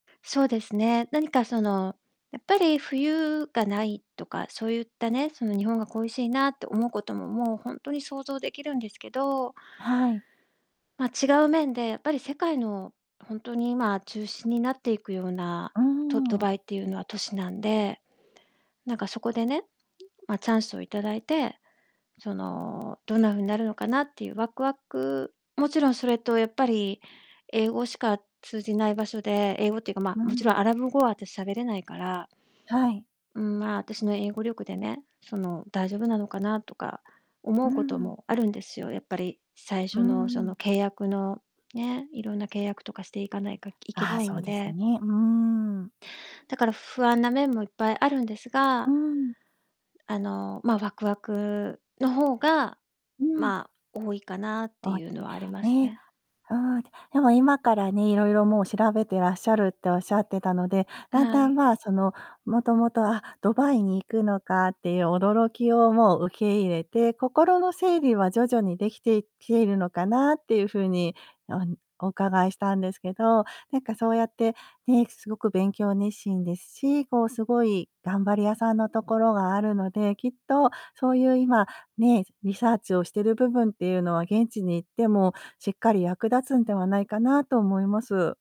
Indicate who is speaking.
Speaker 1: そうですね、何かその、やっぱり冬がないとかそういったね、その日本が恋しいなって思うことも、もうほんとに想像できるんですけど
Speaker 2: はい。
Speaker 1: ま、違う面で、やっぱり世界のほんとに今中心になっていくような
Speaker 2: うー
Speaker 1: とド
Speaker 2: ん。
Speaker 1: バイっていうのは都市なんで、なんか、そこでね、ま、チャンスをいただいて、その、どんな風なるのかなっていうワクワク、もちろんそれと、やっぱり英語しか通じない場所で、英語っていうか、ま、
Speaker 2: うー
Speaker 1: もちろ
Speaker 2: ん。
Speaker 1: んアラブ語は私、喋れないから
Speaker 2: はい。
Speaker 1: うーん、まあ、私の英語力でね、その、大丈夫なのかなとか思
Speaker 2: う
Speaker 1: う
Speaker 2: ー
Speaker 1: こと
Speaker 2: ん。
Speaker 1: もあるんですよ。やっぱり最
Speaker 2: うー
Speaker 1: 初のその
Speaker 2: ん。
Speaker 1: 契約のね、色んな契約とかしていかないかいけ
Speaker 2: あ
Speaker 1: な
Speaker 2: あ、
Speaker 1: い
Speaker 2: そう
Speaker 1: ん
Speaker 2: です
Speaker 1: で。
Speaker 2: ね、うーん。
Speaker 1: だから不安な面もいっぱいあるんです
Speaker 2: う
Speaker 1: が
Speaker 2: ーん。
Speaker 1: あの、まあ、ワクワクの方が、
Speaker 2: うん。
Speaker 1: まあ、多いかなって
Speaker 2: 大
Speaker 1: いう
Speaker 2: き
Speaker 1: の
Speaker 2: い、
Speaker 1: はあります
Speaker 2: ね。
Speaker 1: ね。
Speaker 2: うーん。でも今からね、色々もう調べてらっしゃるって仰ってたので、だん
Speaker 1: は
Speaker 2: だん、
Speaker 1: い。
Speaker 2: まあ、その、元々、あっ、ドバイに行くのか、っていう驚きをもう受け入れて、心の整理は徐々に出来てきているのかなっていう風に、おん、お伺いしたんですけど、なんか、そうやって、ね、凄く勉強熱心ですし、こう、凄い頑張り屋さんの所があるので、きっとそういう今、ね、リサーチをしてる部分っていうのは、現地に行ってもしっかり役立つんではないかなと思います。